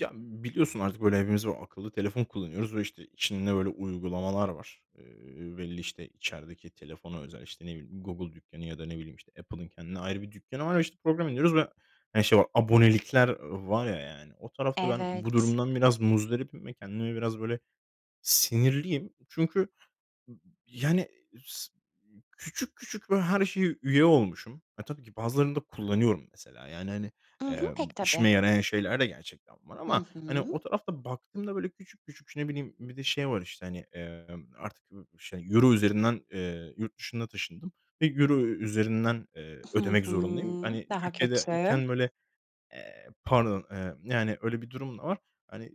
Ya biliyorsun artık böyle hepimiz akıllı telefon kullanıyoruz ve, işte, içinde böyle uygulamalar var. Eee, belli işte, içerideki telefona özel. İşte ne bileyim Google dükkanı ya da ne bileyim işte Apple'ın kendine ayrı bir dükkanı var. Ve işte program indiriyoruz ve, hani, şey var abonelikler var ya, yani o tarafta ben bu Evet. durumdan biraz muzdaribim ve kendime biraz böyle sinirliyim. Çünkü yani s küçük küçük böyle her şeye üye olmuşum. E, tabii ki bazılarını da kullanıyorum. Mesela, yani, hani, I hı. eee, Pek tabii. işime yarayan şeyler de gerçekten var Hı ama hani, hı. o tarafta baktığımda böyle küçük küçük şey, ne bileyim. Bir de şey var, işte, hani, eee, artık şey Euro üzerinden. Eee, yurt dışına taşındım ve Euro üzerinden, eee, Hı ödemek hı. zorundayım. Hani, Daha Türkiye'de kötü. iken böyle, eee, pardon, eee, yani öyle bir durum da var. Hani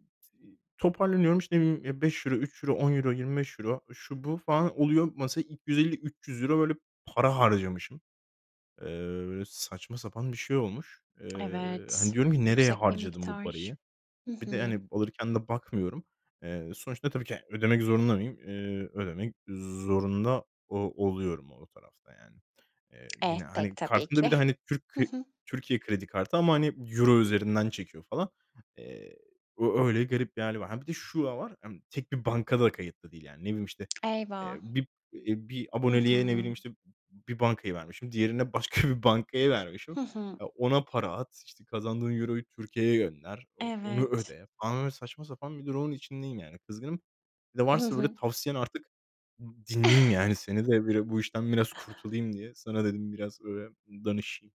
toparlanıyorum. İşte, ımm, €5, €3, €10, 25€ şu bu falan oluyor. Mesa €250-300 böyle para harcamışım. Eee, saçma sapan bir şey olmuş. Eee, hani Evet. diyorum ki, nereye Yüksek bir harcadım bu miktar. parayı. Hı Bir de hı. hani alırken de bakmıyorum. Eee, sonuçta tabii ki ödemek zorunda mıyım? Eee, ödemek zorunda o oluyorum o tarafta yani. Eee, Eh, yine, pek hani, tabii kartımda bir ki. de hani Türk Hı k hı. Türkiye kredi kartı. Ama hani Euro üzerinden çekiyor falan. Eee, ö öyle garip hâli var. Ha, bir de şu da var. Emm, tek bir bankada kayıtlı değil yani. Ne bileyim, işte, eee, Eyvah. bir, eee, bir Hı aboneliğe ne bileyim hı. işte bir bankayı vermişim. Diğerine başka bir bankayı vermişim. Hı hı. Ona para at, işte kazandığın Euro'yu Türkiye'ye gönder, o onu Evet. öde falan böyle saçma sapan bir durumun içindeyim yani. Kızgınım. Bir de Hı varsa böyle hı. tavsiyen artık dinleyeyim yani seni de böyle bu işten biraz kurtulayım diye. Sana dedim biraz böyle danışayım.